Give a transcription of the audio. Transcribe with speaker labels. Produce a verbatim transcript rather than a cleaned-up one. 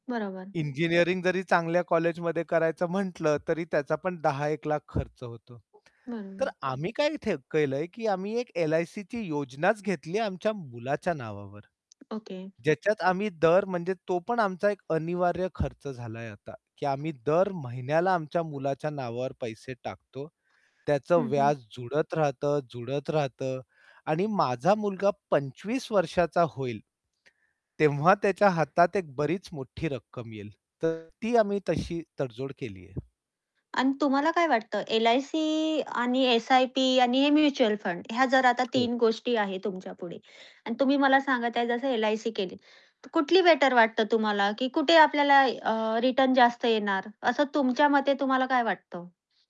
Speaker 1: बरोबर.
Speaker 2: इंजिनिअरिंग जरी चांगल्या कॉलेजमध्ये करायचं म्हटलं, तरी त्याचा पण दहा एक लाख खर्च होतो. तर
Speaker 1: बरोबर.
Speaker 2: आम्ही काय थ केलंय, की आम्ही एक एल-आय-सीची योजनाच घेतली आहे, आमच्या मुलाच्या नावावर.
Speaker 1: ओके.
Speaker 2: ज्याच्यात आम्ही दर म्हणजे तो पण आमचा एक अनिवार्य खर्च झालाय आता, की आम्ही दर महिन्याला आमच्या मुलाच्या नावावर पैसे टाकतो. त्याचं
Speaker 1: हं, हं.
Speaker 2: व्याज जुळत राहतं, जुळत राहतं आणि माझा मुलगा पंचवीस वर्षाचा होईल तेव्हा त्याच्या हातात एक बरीच मोठी रक्कम येईल. तर ती आम्ही तशी तडजोड केली आहे.
Speaker 1: अन तुम्हाला काय वाटतं एल-आय-सी आणि एस-आय-पी आणि हे म्युच्युअल फंड ह्या जर आता
Speaker 2: हो.
Speaker 1: तीन गोष्टी आहेत तुमच्यापुढे, अन् तुम्ही मला सांगत आहे जसं एल-आय-सी केली. तर कुठली बेटर वाटतं तुम्हाला, की कुठे आपल्याला अ, रिटर्न जास्त येणार असं तुमच्या मते तुम्हाला काय वाटतं?